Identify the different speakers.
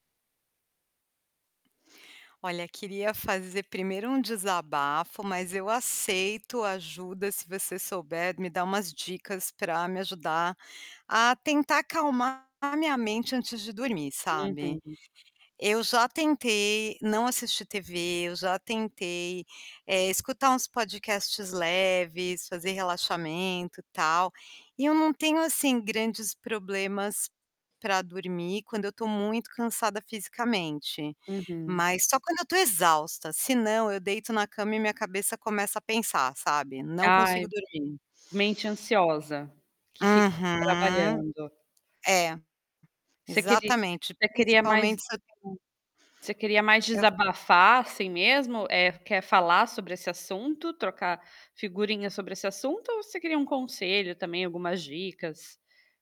Speaker 1: Olha, queria fazer primeiro um desabafo, mas eu aceito ajuda se você souber me dar umas dicas pra me ajudar a tentar acalmar a minha mente antes de dormir, sabe.
Speaker 2: Uhum.
Speaker 1: Eu já tentei não assistir TV, eu já tentei, eh, escutar uns podcasts leves, fazer relaxamento e tal, e eu não tenho, assim, grandes problemas pra dormir quando eu tô muito cansada fisicamente.
Speaker 2: Uhum.
Speaker 1: Mas só quando eu tô exausta, senão eu deito na cama e minha cabeça começa a pensar, sabe, não consigo
Speaker 2: Ai,
Speaker 1: dormir.
Speaker 2: mente ansiosa, que fica ali
Speaker 1: Uhum.
Speaker 2: trabalhando.
Speaker 1: É,
Speaker 2: Você queri
Speaker 1: exatamente
Speaker 2: você queria
Speaker 1: principalmente
Speaker 2: mais
Speaker 1: se eu tenho
Speaker 2: você queria mais
Speaker 1: Eu
Speaker 2: desabafar, assim, mesmo? Eh, quer falar sobre esse assunto, trocar figurinha sobre esse assunto ou você queria um conselho também, algumas dicas?